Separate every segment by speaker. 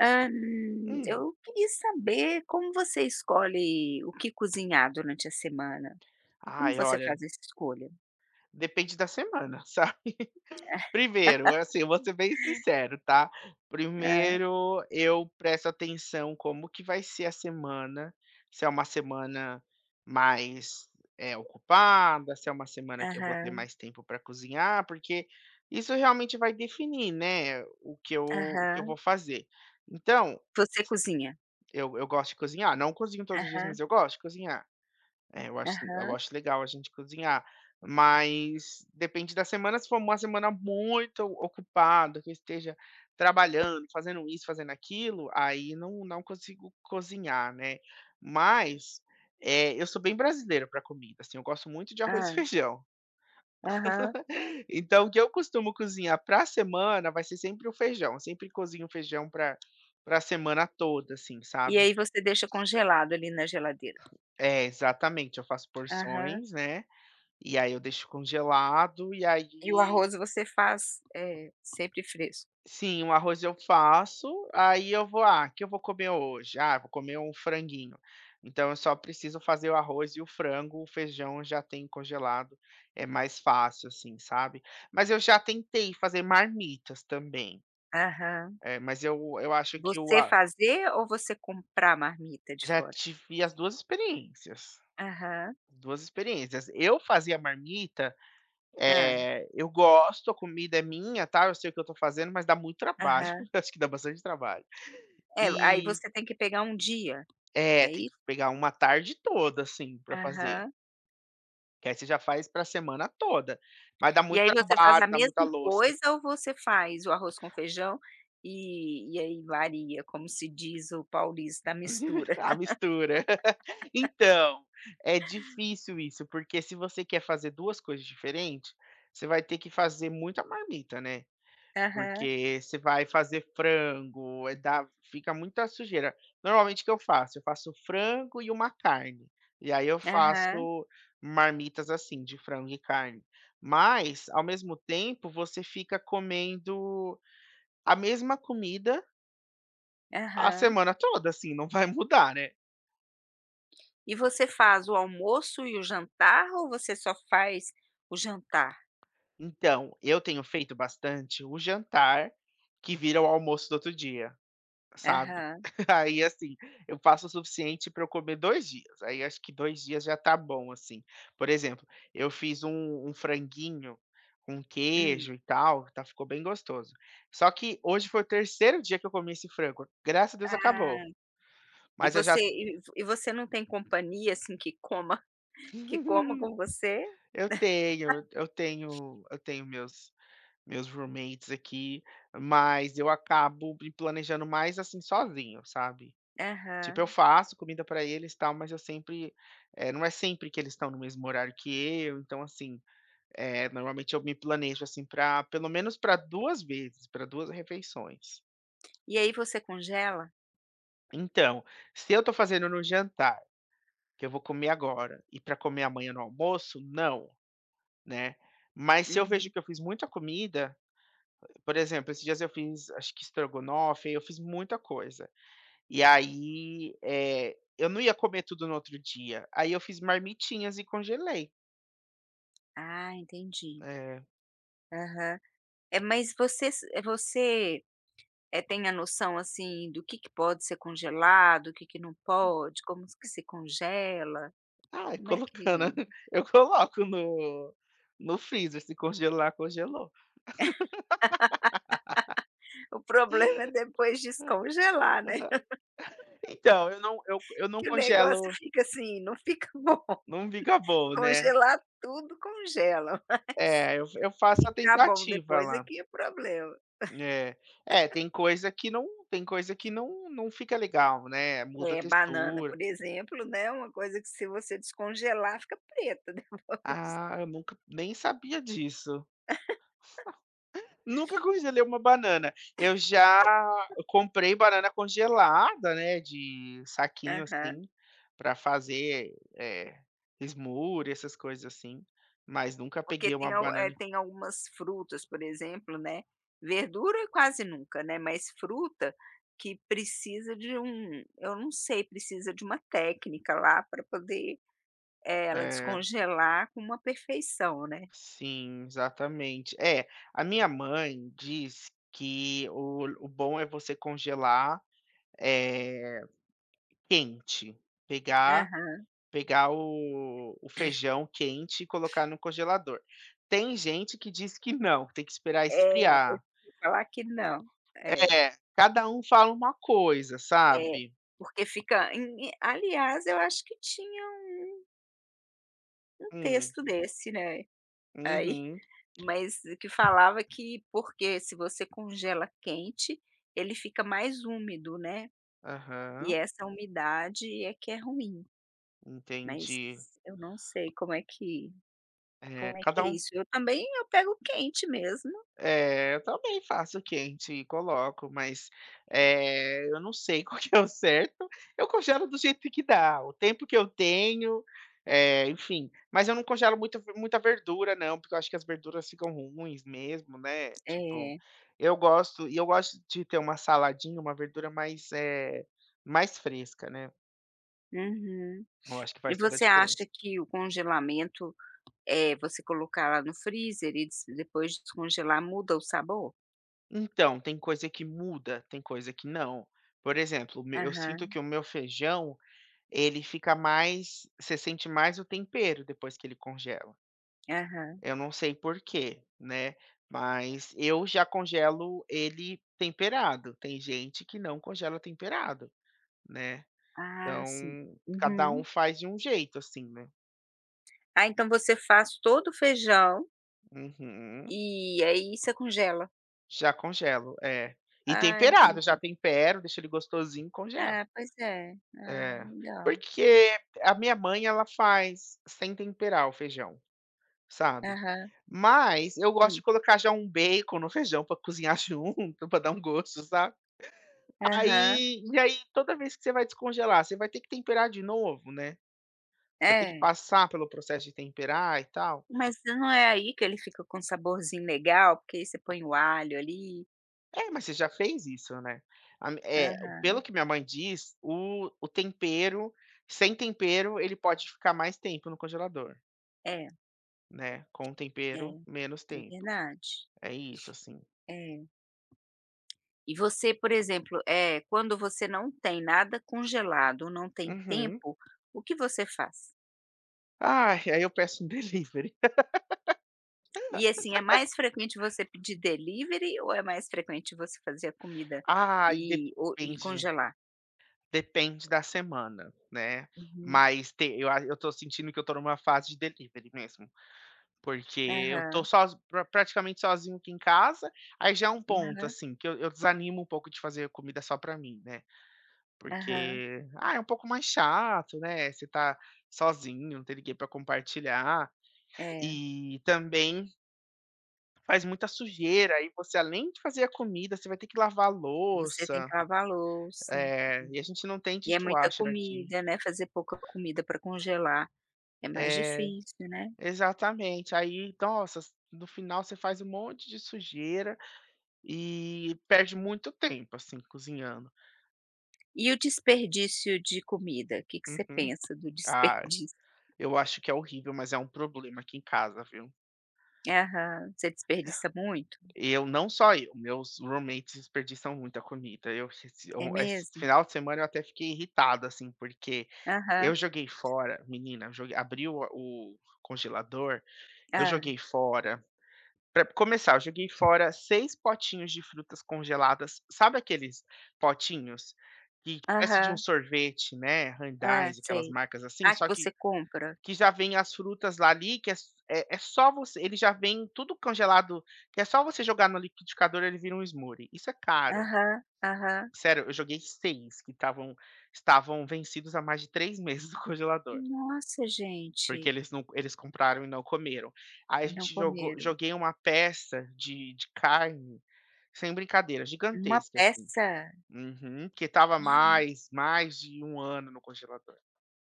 Speaker 1: Hã,
Speaker 2: Hum.
Speaker 1: eu queria saber como você escolhe o que cozinhar durante a semana. Como
Speaker 2: Ai,
Speaker 1: você
Speaker 2: olha.
Speaker 1: faz essa escolha?
Speaker 2: Depende da semana, sabe, primeiro, assim, vou ser bem sincero, tá?
Speaker 1: Ah.
Speaker 2: Primeiro eu presto atenção como que vai ser a semana, se é uma semana mais, eh, ocupada, se é uma semana que eu vou ter
Speaker 1: Aham.
Speaker 2: mais tempo para cozinhar, porque isso, realmente, vai definir, né, o que eu o que eu
Speaker 1: Aham.
Speaker 2: vou fazer. Então...
Speaker 1: Você cozinha.
Speaker 2: Eu eu gosto de cozinhar, não cozinho todos os dias, mas
Speaker 1: Aham.
Speaker 2: eu gosto de cozinhar. É, eu acho eu
Speaker 1: Aham.
Speaker 2: acho legal a gente cozinhar, mas depende da semana, se for uma semana muito ocupada que eu esteja trabalhando, fazendo isso, fazendo aquilo, aí não não consigo cozinhar né, mas, eh, eu sou bem brasileiro para comida, assim, eu gosto muito de arroz e
Speaker 1: Hã.
Speaker 2: feijão.
Speaker 1: Aham.
Speaker 2: Então, o que eu costumo cozinhar pra semana vai ser sempre o feijão, eu sempre cozinho feijão para a para a semana toda, assim,
Speaker 1: E
Speaker 2: sabe.
Speaker 1: aí você deixa congelado ali na geladeira?
Speaker 2: É, exatamente, eu faço
Speaker 1: Aham.
Speaker 2: porções, né, e aí eu deixo congelado. E
Speaker 1: E o
Speaker 2: aí
Speaker 1: arroz você faz, eh, sempre fresco?
Speaker 2: Sim, o arroz eu faço, aí eu vou: "Ah, que eu vou comer hoje? Ah, vou comer um franguinho." Então eu só preciso fazer o arroz e o frango, o feijão já tem congelado, é mais fácil, assim, sabe? Mas eu já tentei fazer marmitas também,
Speaker 1: Aham.
Speaker 2: eh, mas eu eu acho que o
Speaker 1: Você
Speaker 2: a
Speaker 1: fazer ou você comprar marmita de
Speaker 2: Já
Speaker 1: fora?
Speaker 2: tive as 2 experiências,
Speaker 1: Aham.
Speaker 2: 2 experiências, eu fazia marmita,
Speaker 1: Hã.
Speaker 2: eh, eu gosto, a comida é minha, tal, eu sei o eu estou fazendo, mas dá muito trabalho,
Speaker 1: Aham.
Speaker 2: eu acho que dá bastante trabalho.
Speaker 1: É, aí
Speaker 2: E
Speaker 1: você tem que pegar um dia,
Speaker 2: É,
Speaker 1: é
Speaker 2: tem
Speaker 1: isso?
Speaker 2: que pegar uma tarde toda, assim, para fazer.
Speaker 1: Aham.
Speaker 2: Que aí você já faz para semana toda, mas dá
Speaker 1: E
Speaker 2: muito
Speaker 1: aí você faz
Speaker 2: trabalho,
Speaker 1: a
Speaker 2: dá muita
Speaker 1: mesma
Speaker 2: louça.
Speaker 1: coisa, ou você faz o arroz com feijão, e e aí varia, como se diz o paulista, a mistura?
Speaker 2: A mistura. Então, é difícil isso porque se você quer fazer 2 coisas diferente, você vai ter que fazer muita marmita, né,
Speaker 1: Aham.
Speaker 2: porque você vai fazer frango, eh, dá, fica muita sujeira. Normalmente, o que eu faço? Eu faço frango e uma carne. E aí, eu
Speaker 1: Aham.
Speaker 2: faço marmitas, assim, de frango e carne. Mas, ao mesmo tempo, você fica comendo a mesma comida A
Speaker 1: Aham.
Speaker 2: semana toda, assim, não vai mudar, né.
Speaker 1: E você faz o almoço e o jantar, ou você só faz o jantar?
Speaker 2: Então, eu tenho feito bastante o jantar que vira o almoço do outro dia, sabe.
Speaker 1: Aham.
Speaker 2: Aí, assim, eu faço o suficiente pra eu comer 2 dias, aí acho que 2 dias já tá bom, assim. Por exemplo, eu fiz um um franguinho com
Speaker 1: Hum.
Speaker 2: queijo e tal, ta ficou bem gostoso, só que hoje foi o 3º dia que eu comi esse frango, graças a Deus,
Speaker 1: Ah!
Speaker 2: acabou.
Speaker 1: E
Speaker 2: Mas eu já
Speaker 1: você e v e você não tem companhia, assim, que coma que coma com você?
Speaker 2: Eu tenho, e eu tenho eu tenho meus meus roommates aqui, mas eu acabo me planejando mais, assim, sozinho, sabe. Tipo, eu
Speaker 1: Aham.
Speaker 2: faço comida pra eles, tal, mas eu sempre, eh, não é sempre que eles estão no mesmo horário que eu, então, assim, eh, normalmente eu me planejo, assim, pra pelo menos, pra 2 vezes, pra 2 refeições.
Speaker 1: E aí você congela?
Speaker 2: Então, se eu tô fazendo no jantar, que eu vou comer agora, e pra comer amanhã no almoço, não, né, mas se eu vejo
Speaker 1: Uhum.
Speaker 2: que eu fiz muita comida, por exemplo, esses dias eu fiz acho que estrogonofe, aí eu fiz muita coisa. E aí, eh, eu não ia comer tudo no outro dia, aí eu fiz marmitinhas e congelei.
Speaker 1: Ah, entendi.
Speaker 2: É.
Speaker 1: Aham. É, mas você se você, eh, tem a noção assim do que que pode ser congelado, o que que não pode, como que se congela,
Speaker 2: Ai
Speaker 1: como é
Speaker 2: colocando,
Speaker 1: que
Speaker 2: eu coloco no no freezer se congelar congelou.
Speaker 1: O problema é depois
Speaker 2: Ah, aham.
Speaker 1: descongelar, né
Speaker 2: Então, eu não eu eu não
Speaker 1: que o negócio
Speaker 2: congelo
Speaker 1: fica assim, não fica bom.
Speaker 2: Não fica bom, né.
Speaker 1: Congelar tudo congela, mas
Speaker 2: É, eu f eu faço a
Speaker 1: ficar bom
Speaker 2: tentativa
Speaker 1: depois é
Speaker 2: lá.
Speaker 1: que é problema.
Speaker 2: É, é tem coisa que não tem coisa que não não fica legal, né, muda a
Speaker 1: É, banana,
Speaker 2: textura.
Speaker 1: por exemplo, né, uma coisa que se você descongelar fica preta depois.
Speaker 2: Ah, eu nunca nem sabia disso. Nunca congelei uma banana, eu já comprei banana congelada, né, de saquinho
Speaker 1: Aham.
Speaker 2: assim, pra fazer, eh, smoothie, essas coisas assim, mas nunca
Speaker 1: Porque
Speaker 2: peguei
Speaker 1: tem
Speaker 2: uma
Speaker 1: eh,
Speaker 2: banana e con
Speaker 1: tem algumas frutas, por exemplo, né, verdura é quase nunca, né, mas fruta que precisa de um eu não sei precisa de uma técnica lá pra poder, eh, ela
Speaker 2: É.
Speaker 1: descongelar com uma perfeição, né.
Speaker 2: Sim, exatamente. É, a minha mãe diz que o o bom é você congelar, eh, quente, pegar
Speaker 1: Aham.
Speaker 2: pegar o o feijão quente e colocar no congelador. Tem gente que diz que não, que tem que esperar
Speaker 1: É, eu já
Speaker 2: esfriar.
Speaker 1: ouvi falar que não, é.
Speaker 2: É, cada um fala uma coisa,
Speaker 1: É,
Speaker 2: sabe.
Speaker 1: porque fica e em, aliás eu acho que tinha um Um
Speaker 2: Hum.
Speaker 1: texto desse, né. Aí
Speaker 2: Uhum.
Speaker 1: mas o que falava que porque se você congela quente, ele fica mais úmido, né, e
Speaker 2: Aham.
Speaker 1: essa umidade é que é ruim. Mas
Speaker 2: Entendi.
Speaker 1: eu não sei como é que
Speaker 2: É,
Speaker 1: como é que
Speaker 2: cada
Speaker 1: é
Speaker 2: um
Speaker 1: isso. Eu também, eu pego quente mesmo.
Speaker 2: É, eu também faço quente e coloco, mas, eh, eu não sei qual que é o certo. Eu congelo do jeito que dá, o tempo que eu tenho, eh, enfim, mas eu não congelo muita ver muita verdura não, porque eu acho que as verduras ficam ruins mesmo, né, tipo.
Speaker 1: É.
Speaker 2: Eu gosto, e eu gosto de ter uma saladinha, uma verdura mais eh, mais fresca, né.
Speaker 1: Uhum.
Speaker 2: Eu acho que
Speaker 1: E
Speaker 2: faz toda a
Speaker 1: você
Speaker 2: diferença.
Speaker 1: acha que o congelamento, eh, você colocar lá no freezer e dis depois descongelar, muda o sabor?
Speaker 2: Então, tem coisa que muda, tem coisa que não, por exemplo, meu eu sinto
Speaker 1: Aham.
Speaker 2: que o meu feijão, ele fica mais você sente mais o tempero depois que ele congela.
Speaker 1: Aham.
Speaker 2: Eu não sei porque, né, mas eu já congelo ele temperado, tem gente que não congela temperado, né.
Speaker 1: Ah,
Speaker 2: Então
Speaker 1: sim.
Speaker 2: cada um
Speaker 1: Uhum.
Speaker 2: faz de um jeito, assim, né.
Speaker 1: Ah, então você faz todo o feijão
Speaker 2: Uhum.
Speaker 1: E, aí, você congela?
Speaker 2: Já congelo, é, e
Speaker 1: Ah,
Speaker 2: temperado, já
Speaker 1: entendi.
Speaker 2: tempero, deixo ele gostosinho e congelo.
Speaker 1: Ah, pois é. Ah,
Speaker 2: É,
Speaker 1: legal.
Speaker 2: porque a minha mãe, ela faz sem temperar o feijão, sabe,
Speaker 1: Aham.
Speaker 2: mas eu gosto de
Speaker 1: Sim.
Speaker 2: colocar já um bacon no feijão, pra cozinhar junto, pra dar um gosto, sabe,
Speaker 1: Aham.
Speaker 2: aí, e aí, toda vez que você vai descongelar, você vai ter que temperar de novo, né, você vai ter que
Speaker 1: É.
Speaker 2: passar pelo processo de temperar e tal.
Speaker 1: Mas não é aí que ele fica com um saborzinho legal, porque aí, você põe o alho, ali.
Speaker 2: É, mas você já fez isso, né, a eh, pelo
Speaker 1: Aham.
Speaker 2: que minha mãe diz, o o tempero sem tempero, ele pode ficar mais tempo no congelador.
Speaker 1: É.
Speaker 2: Né, com o tempero
Speaker 1: É,
Speaker 2: menos
Speaker 1: é
Speaker 2: tempo.
Speaker 1: verdade.
Speaker 2: É isso, assim.
Speaker 1: É. E você, por exemplo, eh, quando você não tem nada congelado ou não tem
Speaker 2: Uhum.
Speaker 1: tempo, o que você faz?
Speaker 2: Ah, ai, eu peço delivery.
Speaker 1: E, assim, é mais frequente você pedir delivery ou é mais frequente você fazer a comida
Speaker 2: Ai
Speaker 1: e o e
Speaker 2: depende
Speaker 1: congelar?
Speaker 2: depende da semana, né,
Speaker 1: Uhum.
Speaker 2: mas te eu a eu tô sentindo que eu estou em uma fase de delivery mesmo, porque eu tô
Speaker 1: Aham.
Speaker 2: só praticamente sozinho aqui em casa, aí, já é um ponto,
Speaker 1: Aham.
Speaker 2: assim, que eu eu desanimo um pouco de fazer comida só para mim, né,
Speaker 1: Aham.
Speaker 2: porque, ah, é um pouco mais chato, né, você tá sozinho, não tem ninguém para compartilhar
Speaker 1: É.
Speaker 2: e, também faz muita sujeira e você além de fazer a comida, você vai ter que lavar
Speaker 1: Você tem
Speaker 2: louça,
Speaker 1: que lavar louça
Speaker 2: eh, e a gente não tem
Speaker 1: e é muita
Speaker 2: dishwasher aqui.
Speaker 1: comida, né, fazer pouca comida para congelar é mais
Speaker 2: É,
Speaker 1: difícil, né.
Speaker 2: exatamente, aí, nossa, no final você faz um monte de sujeira e perde muito tempo, assim, cozinhando.
Speaker 1: E o desperdício de comida? Que que você
Speaker 2: Uhum,
Speaker 1: pensa do
Speaker 2: ah,
Speaker 1: desperdício?
Speaker 2: eu acho que é horrível, mas é um problema aqui em casa, viu.
Speaker 1: Aham, você
Speaker 2: É.
Speaker 1: desperdiça muito?
Speaker 2: Eu não só eu, meus roommates desperdiçam muita comida, eu se
Speaker 1: É
Speaker 2: esse
Speaker 1: mesmo?
Speaker 2: final de semana eu até fiquei irritado, assim, porque, eu
Speaker 1: Aham.
Speaker 2: joguei fora, menina, eu jo abri a o o congelador, eu
Speaker 1: Hã.
Speaker 2: joguei fora pra começar, eu joguei fora 6 potinhos de frutas congeladas, sabe, aqueles potinhos, que parece de um
Speaker 1: Aham.
Speaker 2: sorvete, né,
Speaker 1: Hã,
Speaker 2: Haagen-Dazs aquelas,
Speaker 1: sei.
Speaker 2: marcas assim
Speaker 1: Ah, que
Speaker 2: só que,
Speaker 1: você compra?
Speaker 2: que já vem as frutas lá ali que é é só você, ele já vem tudo congelado que é só você jogar no liquidificador ele vira um smoothie, isso é caro.
Speaker 1: Aham, aham.
Speaker 2: Sério, eu joguei 6 que estavam estavam vencidos há mais de 3 meses no congelador
Speaker 1: Nossa,
Speaker 2: porque
Speaker 1: gente.
Speaker 2: eles não eles compraram e não comeram. Aí a
Speaker 1: E não
Speaker 2: gente jogou
Speaker 1: comeram.
Speaker 2: joguei uma peça de de carne, sem brincadeira
Speaker 1: Uma
Speaker 2: gigantesca, assim.
Speaker 1: peça?
Speaker 2: Uhum, porque estava há
Speaker 1: Ah.
Speaker 2: mais mais de 1 ano no congelador.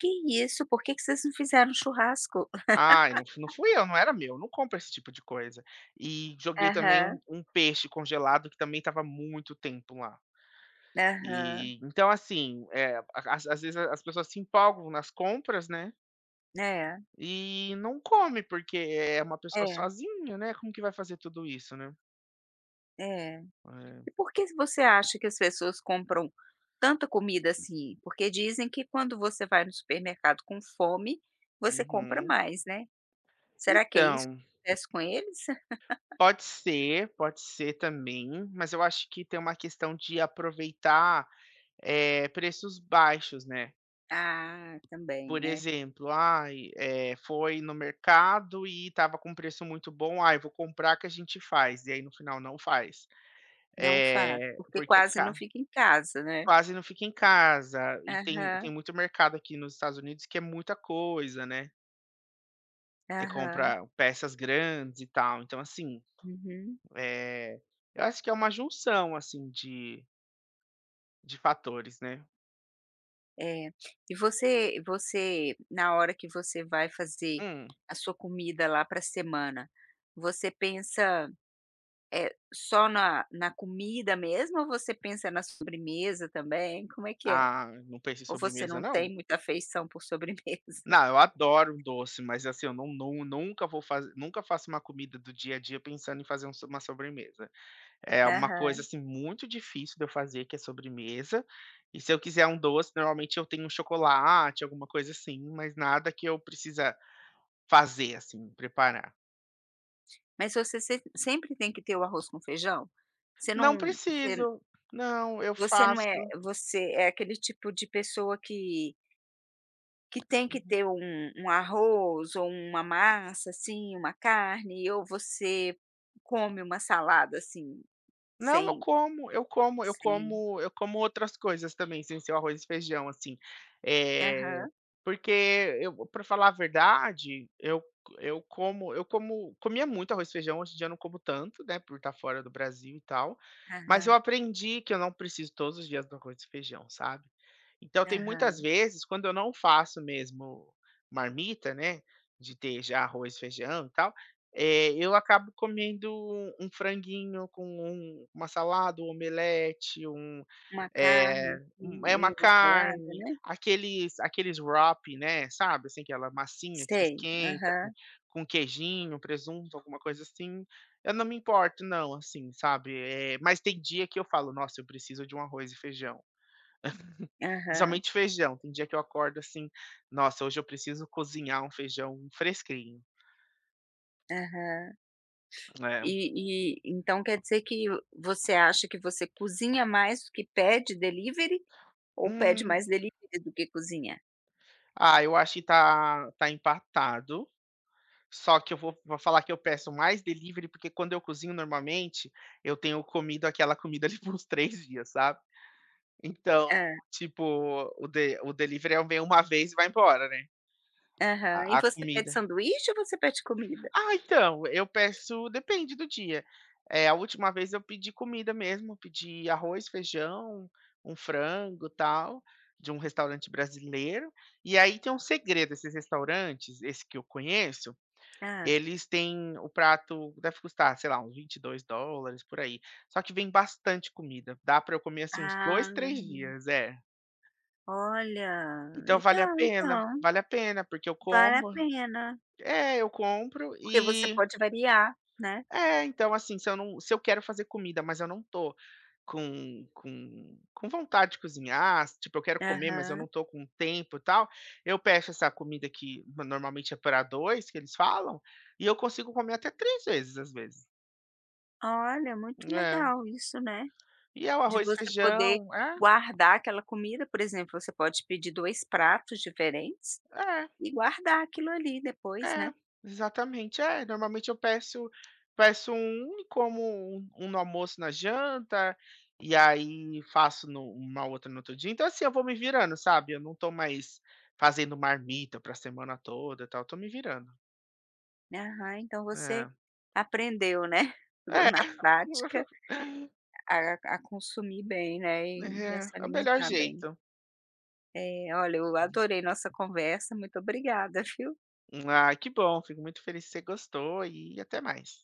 Speaker 1: Que isso. Porque que vocês não fizeram um churrasco?
Speaker 2: Ai não fu não fui eu, não era meu, não compro esse tipo de coisa. E joguei também um
Speaker 1: Aham.
Speaker 2: um peixe congelado que também estava há muito tempo lá.
Speaker 1: Aham.
Speaker 2: E, então, assim, eh, as às vezes as pessoas se empolgam nas compras, né
Speaker 1: É.
Speaker 2: e não come porque é uma pessoa
Speaker 1: É.
Speaker 2: sozinha, né, como que vai fazer tudo isso, né.
Speaker 1: É.
Speaker 2: É.
Speaker 1: E por que você acha que as pessoas compram tanta comida assim? Porque dizem que quando você vai no supermercado com fome, você compra
Speaker 2: Uhum.
Speaker 1: mais, né. Será que é isso
Speaker 2: Então
Speaker 1: acontece com eles?
Speaker 2: Pode ser, pode ser também, mas eu acho que tem uma questão de aproveitar, eh, preços baixos, né.
Speaker 1: Ah, também,
Speaker 2: Por
Speaker 1: né.
Speaker 2: exemplo: "Ai, eh, foi no mercado e estava com preço muito bom, ai, vou comprar que a gente faz", e aí no final não faz,
Speaker 1: Não faz,
Speaker 2: eh,
Speaker 1: porque
Speaker 2: porque é
Speaker 1: quase não
Speaker 2: ca
Speaker 1: fica em casa, né.
Speaker 2: Quase não fica em casa, e tem tem
Speaker 1: Aham.
Speaker 2: muito mercado aqui nos Estados Unidos que é muita coisa, né. Você
Speaker 1: Aham.
Speaker 2: compra peças grandes e tal, então assim,
Speaker 1: Uhum.
Speaker 2: eh, eu acho que é uma junção, assim, de de fatores, né.
Speaker 1: É. E você você na hora que você vai fazer
Speaker 2: Hum.
Speaker 1: a sua comida lá para semana, você pensa, eh, só na na comida mesmo ou você pensa na sobremesa também. Como é que é?
Speaker 2: Ah, não penso em
Speaker 1: Ou você
Speaker 2: sobremesa
Speaker 1: não
Speaker 2: não.
Speaker 1: tem muita feição por sobremesa?
Speaker 2: Não, eu adoro um doce, mas assim, eu nun nun nunca vou faz nunca faço uma comida do dia a dia pensando em fazer um so uma sobremesa. É uma coisa,
Speaker 1: Aham.
Speaker 2: assim, muito difícil de eu fazer, que é sobremesa, e se eu quiser um doce, normalmente eu tenho um chocolate, alguma coisa assim, mas nada que eu precisa fazer assim, preparar.
Speaker 1: Mas você sem sempre tem que ter o arroz com feijão? Você não
Speaker 2: Não
Speaker 1: você n
Speaker 2: preciso. Não, eu
Speaker 1: você não é
Speaker 2: faço
Speaker 1: você é aquele tipo de pessoa que que tem que
Speaker 2: Uhum.
Speaker 1: ter um um arroz ou uma massa, assim, uma carne, ou você come uma salada, assim,
Speaker 2: Não, eu
Speaker 1: sem
Speaker 2: como eu como eu
Speaker 1: sem
Speaker 2: como eu como outras coisas também sem ser o arroz e feijão, assim, eh,
Speaker 1: Aham.
Speaker 2: porque eu para falar a verdade, eu c eu como eu como comia muito arroz e feijão, hoje em dia, não como tanto, né, por estar fora do Brasil e tal, mas eu
Speaker 1: Aham.
Speaker 2: aprendi que eu não preciso todos os dias do arroz e feijão, sabe. Então tem muitas
Speaker 1: Aham.
Speaker 2: vezes, quando eu não faço mesmo marmita, né, de ter já arroz, feijão e tal, eh, eu acabo comendo um franguinho com um uma salada, um omelete, um
Speaker 1: Uma carne,
Speaker 2: eh, um
Speaker 1: assim,
Speaker 2: eh, uma
Speaker 1: meio na salada,
Speaker 2: carne,
Speaker 1: né.
Speaker 2: aqueles aqueles wrap, né, sabe, assim, aquela massinha que você
Speaker 1: Sei,
Speaker 2: esquenta, com
Speaker 1: aham.
Speaker 2: com um queijinho, presunto, alguma coisa assim. Eu não me importo não, assim, sabe, eh, mas tem dia que eu falo: "Nossa, eu preciso de um arroz e feijão".
Speaker 1: Aham.
Speaker 2: Principalmente feijão, tem dia que eu acordo, assim: "Nossa, hoje eu preciso cozinhar um feijão fresquinho".
Speaker 1: Aham.
Speaker 2: É.
Speaker 1: E e então quer dizer que você acha que você cozinha mais do que pede delivery ou pede
Speaker 2: Hum.
Speaker 1: mais delivery do que cozinha?
Speaker 2: Ah, eu acho tá tá empatado. Só que eu vou vou falar que eu peço mais delivery, porque quando eu cozinho, normalmente, eu tenho comido aquela comida ali por uns 3 dias, sabe. Então,
Speaker 1: Hã.
Speaker 2: tipo, o de o delivery é o vem uma vez e vai embora, né.
Speaker 1: Aham. E
Speaker 2: A a
Speaker 1: você pede
Speaker 2: comida
Speaker 1: sanduíche ou você pede comida?
Speaker 2: Ah, então, eu peço depende do dia, eh, a última vez eu pedi comida mesmo, pedi arroz, feijão, um frango e tal, de um restaurante brasileiro. E aí tem um segredo, esses restaurantes, esse que eu conheço,
Speaker 1: Hã.
Speaker 2: eles têm o prato deve custar, sei lá, uns 22$ por aí. Só que vem bastante comida, dá pra eu comer, assim, uns 2,
Speaker 1: Ah.
Speaker 2: 3 dias. É.
Speaker 1: Olha!
Speaker 2: Então vale a
Speaker 1: Legal
Speaker 2: pena,
Speaker 1: então.
Speaker 2: vale a pena, porque eu
Speaker 1: Vale a
Speaker 2: como.
Speaker 1: pena.
Speaker 2: É, eu compro
Speaker 1: Porque você
Speaker 2: e
Speaker 1: pode variar, né.
Speaker 2: É, então, assim, se eu não se eu quero fazer comida, mas eu não tô com com com vontade de cozinhar tipo, eu quero comer, mas eu
Speaker 1: Aham.
Speaker 2: não tô com tempo e tal, eu peço essa comida, que normalmente é pra 2, que eles falam, e eu consigo comer até 3 vezes, às vezes.
Speaker 1: Olha, muito
Speaker 2: É.
Speaker 1: legal isso, né,
Speaker 2: E é o
Speaker 1: de
Speaker 2: arroz e
Speaker 1: você poder
Speaker 2: feijão É.
Speaker 1: guardar aquela comida. Por exemplo, você pode pedir 2 pratos diferentes
Speaker 2: É.
Speaker 1: e guardar aquilo ali depois, né.
Speaker 2: É, exatamente. É, normalmente eu peço peço 1 e como 1 no almoço e na janta, e aí faço no uma outra no outro dia. Então, assim, eu vou me virando, sabe, eu não tô mais fazendo marmita pra semana toda e tal. Tô me virando.
Speaker 1: Aham, então você
Speaker 2: É.
Speaker 1: aprendeu, né, pegou
Speaker 2: É.
Speaker 1: na prática a a consumir bem, né, e a se
Speaker 2: É. É o melhor
Speaker 1: alimentar bem.
Speaker 2: jeito.
Speaker 1: É, olha eu adorei nossa conversa. Muito obrigada, viu.
Speaker 2: Ai, que bom. Fico muito feliz que você gostou e até mais.